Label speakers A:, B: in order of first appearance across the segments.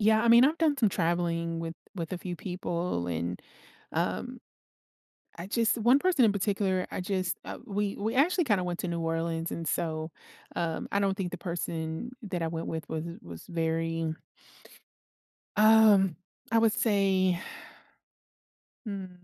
A: Yeah, I mean, I've done some traveling with with a few people and, um, I just one person in particular, I just, uh we we actually kinda went to New Orleans and so, um, I don't think the person that I went with was was very um, I would say. Hmm.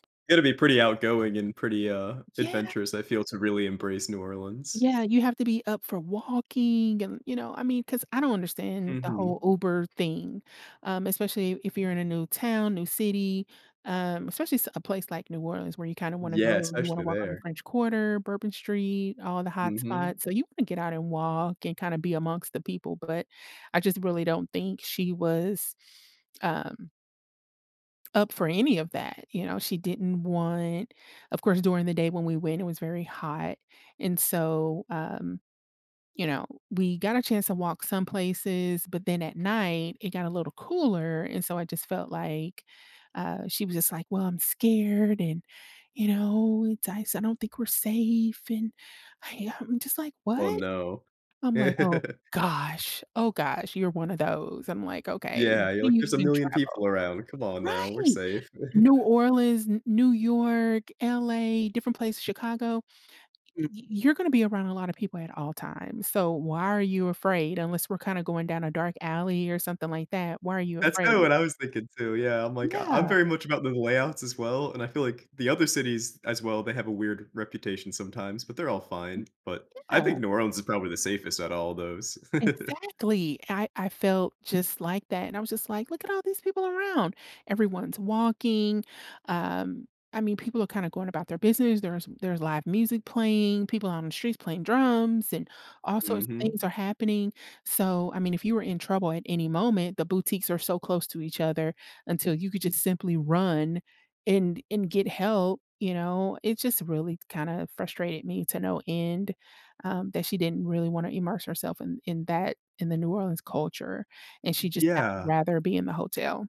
B: Gotta be pretty outgoing and pretty, uh,
A: Yeah
B: adventurous, I feel, to really embrace New Orleans.
A: Yeah, you have to be up for walking and, you know, I mean, 'cause I don't understand the
B: Mhm.
A: whole Uber thing, um, especially if you're in a new town, new city, um, especially s a place like New Orleans where you kinda wanna
B: Yeah,
A: go you wanna
B: especially
A: walk on the
B: there.
A: French Quarter, Bourbon Street, all the
B: Mhm.
A: hotspots, so you wanna get out and walk, and kinda be amongst the people, but I just really don't think she was, um up for any of that, you know, she didn't want of course during the day when we went, it was very hot, and so, um, you know, we got a chance to walk some places, but then at night it got a little cooler, and so I just felt like, uh, she was just like, "Well, I'm scared, and you know, it's I s I don't think we're safe," and I am just like,
B: Oh,
A: "What?"
B: no.
A: I'm like, "Oh gosh, oh gosh, you're one of those." I'm like, "Okay,
B: Yeah, you're
A: can
B: like,
A: you
B: "There's a
A: even
B: million
A: travel?"
B: people around. Come on now, we're
A: Right!
B: safe."
A: New Orleans, N New York, LA, different places Chicago.
B: Mm.
A: Y y you're gonna be around a lotta people at all times, so why are you afraid? Unless we're kinda going down a dark alley or something like that, why are you
B: That's kinda
A: afraid?
B: what I was thinking too. Yeah, I'm like, I I'm
A: Yeah.
B: very much about the layouts as well, and I feel like the other cities, as well, they have a weird reputation sometimes, but they're all fine, but,
A: Mhm.
B: I
A: Yeah.
B: think New Orleans is probably the safest outta all those.
A: Exactly! I I felt just like that and I was just like, "Look at all these people around!" Everyone's walking, um, I mean, people are kinda going about their business, there's there's live music playing, people out on the streets playing drums, and all sorts of
B: Mhm.
A: things are happening, so, I mean, if you were in trouble at any moment, the boutiques are so close to each other until you could just simply run and and get help, you know, it just really kinda frustrated me to no end, um, that she didn't really wanna immerse herself in in that in the New Orleans culture, and she just had
B: Yeah.
A: rather be in the hotel.